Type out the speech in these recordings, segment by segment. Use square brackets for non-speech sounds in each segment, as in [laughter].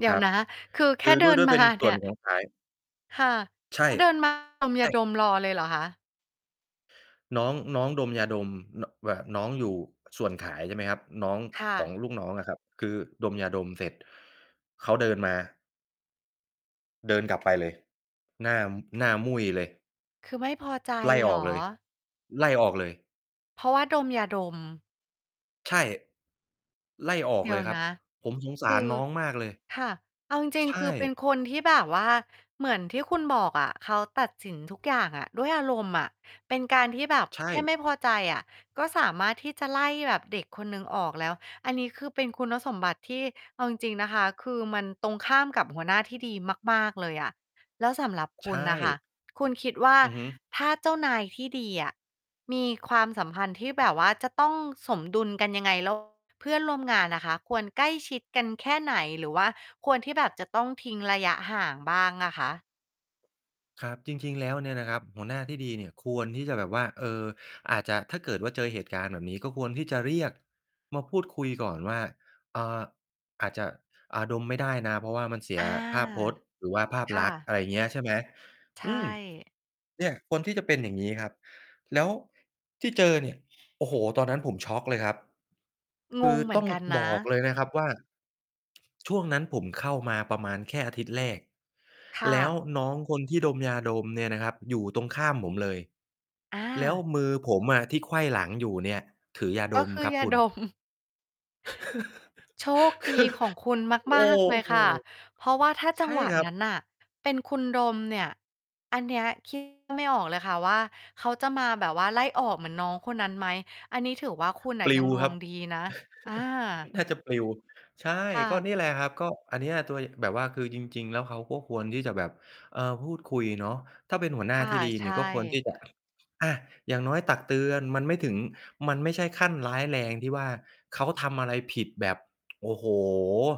เดี๋คยรวับ นะ คือแคคื่อเดด้ิวย นด้วยมเาป็นสเน่ีว่นย ของ ขาย ค่ะ ใช่ เขาเดิน มา ดมใยชา่ ดมรอเลยเหรอคะ? น้อง น้องดมยาดม น แบบน้องอยู่ส่วนขาย ใช่ไหมครับ น้อง ข ค่ของะ ลูกน้องอะครับ คือดมยาดมเสร็จ เขาเดินมา เดินกลับไปเลย หน้า หน้ามุ่ยเลย คือไม่พอใจไล่เหอรอกอ? เลย ไล่ออกเลย เพราะว่าดมยาดม ใช่ ไล่ออเกดีเ๋ลยวยครันบ ะ ผมสงสคาืรอ น้องมากเลย ค่ะ เอาจริใง ชๆ คือเป็น่ คนที่แบบว่า เหมือนที่คุณบอกอะ เขาตัดสินทุกอย่างอะด้วยอารมณ์อะ เป็นการที่แบบใชแค่่ ไม่พอใจอะ ก็สามารถที่จะไล่แบบเด็กคนหนึ่งออกแล้ว อันนี้ คือเป็นคุณสมบัติที่ เอาจริง ๆ นะคะ คือมันตรงข้ามกับหัวหน้าที่ดีมาก ๆ เลยอะ แล้วสำหรับใคชุณน่ะค่ะ ่ คุณคิดว่า อือฮึ ถ้าเจ้านายที่ดีอะมีความสัมพันธ์ที่แบบว่าจะต้องสมดุลกันยังไง? แล้ว เพื่อนร่วมงานน่ะค่ะควรใกล้ชิดกันแค่ไหน? หรือว่าควรที่แบบจะต้องทิ้งระยะห่างบ้างอะคะ? ครับ จริง ๆ แล้วเนี่ยนะครับ หัวหน้าที่ดีเนี่ยควรที่จะแบบว่า เอ่อ อาจจะ ถ้าเกิดว่า เจอเหตุการณ์แบบนี้ก็ควรที่จะเรียกมาพูดคุยก่อนว่า อ่า อาจจะ อะ ดมไม่ได้นะ เพราะว่ามันเสีอยา ภาพพจน์หรือว่าภาพค่ลักษณ์ ะ อะไรเงี้ย ใช่ไหม ใชอ่ ืม เนี่ย ควรที่จะเป็นอย่างงี้ครับ แล้วที่เจอเนี่ย โอ้โฮ ตอนนั้นผมช็อกเลยครับ คงืองเหมืตอ้นองกันนะ บอกเลยนะครับว่า ช่วงนั้น ผมเข้ามาประมาณแค่อาทิตย์แรก ค่แล้วะ น้องคนที่ดมยาดมเนี่ยนะครับอยู่ตรงข้ามผมเลย อแล้วา มือผมอะที่ไขว้หลังอยู่เนี่ย ถือยากด็มคือครับยาคุณ ดม [chuckles] โชคดีของคุณ[chuckles] คือ โอม้าก ๆ เลยโฮ ค่ะ เพราะว่าถ้าจใชัง่หวะครันบ ั้นน่ะเป็นคุณดมเนี่ย อันนี้ คิด ไม่ออกเลยค่ะว่า เขาจะมาแบบว่าไล่ออกเหมือนน้องคนนั้นไหม อันนี้ ถือว่า คุณน่ปะลยิัวงดควรังบ ดีนะ อา [chuckles] น่าจะปลิว ใช่ ค่ก็ะ นี่แหละครับ ก็ อันเนี้ย ตัว ย แบบว่าคือจริง ๆ แล้วเขาก็ควรที่จะแบบ เอ่อ พูดคุยเนาะ ถ้าเป็นหัวหน้คา่ะ ที่ดีใชนี่ ก็ควร่ ที่จะ อะ อย่างน้อยตักเตือน มันไม่ถึง มันไม่ใช่ขั้นร้ายแรงที่ว่า เขาทำอะไรผิดแบบ โอ้โฮ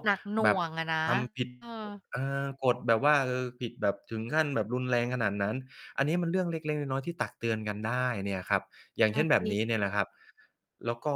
หนักหน่แบบวงอะนะ ทำ ผิด เออ เอ่อ กฎ แบบว่าผิดแบบถึงขั้นแบบรุนแรงขนาดนั้น อันนี้มันเรื่องเล็ก ๆ น้อย ๆ ที่ตักเตือนกันได้เนี่ยครับ อย่างอเชา ่นแบจบริ นี้เนี่ยแหละครับ แล้วก็